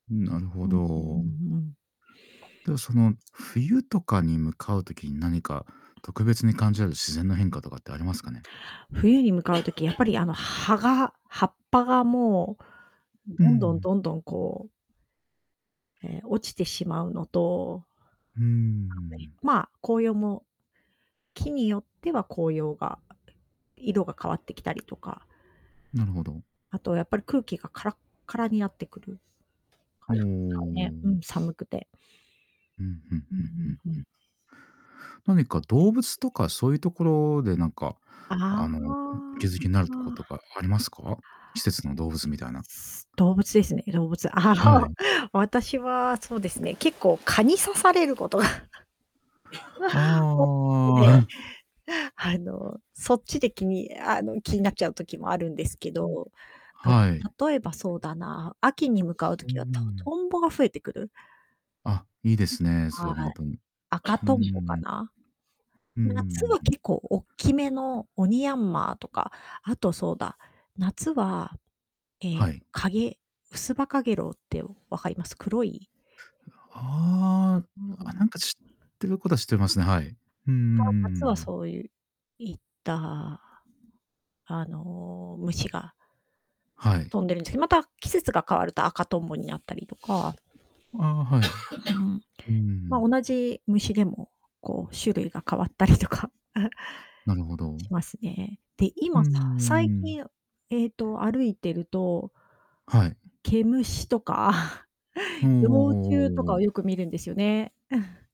うん、なるほうん、うんど。うんうん。でも、その冬とかに向かう時に、何か特別に感じられる自然の変化とかってありますかね？冬に向かう時、やっぱり、あの、葉が葉っぱがもう、うどんどんん。どんどん、こうえ、落ちてしまうのとうーん。まあ、紅葉も。木によっては紅葉が、色が変わってきたりとか。なるほど。あと、やっぱり空気がからっからになってくる。うー ね、うん。ん、寒くて。うんうんううんうんんうんううん。ん。何か動物とかそういう所でなんか、ああの、お気づきになるとことあ。かありますか？季節の動物みたいな。動物ですね、動物、あはの。い。私はそうですね、結構蚊に刺されることが。あうわ、おので、あ。あの、そっちで気にあの、気になっちゃう時もあるんですけうん。ど。あ、はい。例えばそうだな、秋に向かうう時はトん。トンボが増えてくる。あ、いいですね、そはれはほい。んとに。赤うんうとんぼんかうん。な。うんう夏んはうんう結ん。構おっきめのオニヤンマとか、あとそうだ、夏は、え、はい。カゲウスバカゲロウって分かります？黒いああ、あ、なんか知ってる事は知ってますね。はい。うんうんうま、んうん夏はうん。そういういった、あの、虫がはい。飛んでるんですけど、また、季節が変わると赤とんぼになったりとか。ああ、はい。うん。うま、ん。同じ虫でも、こう種類が変わったりとか なるほしど。ますね。で、うー今さ最ん。近、えっと、歩いてるとはい。毛虫とか、おお 幼虫とおおかおお。をよく見るんですよね。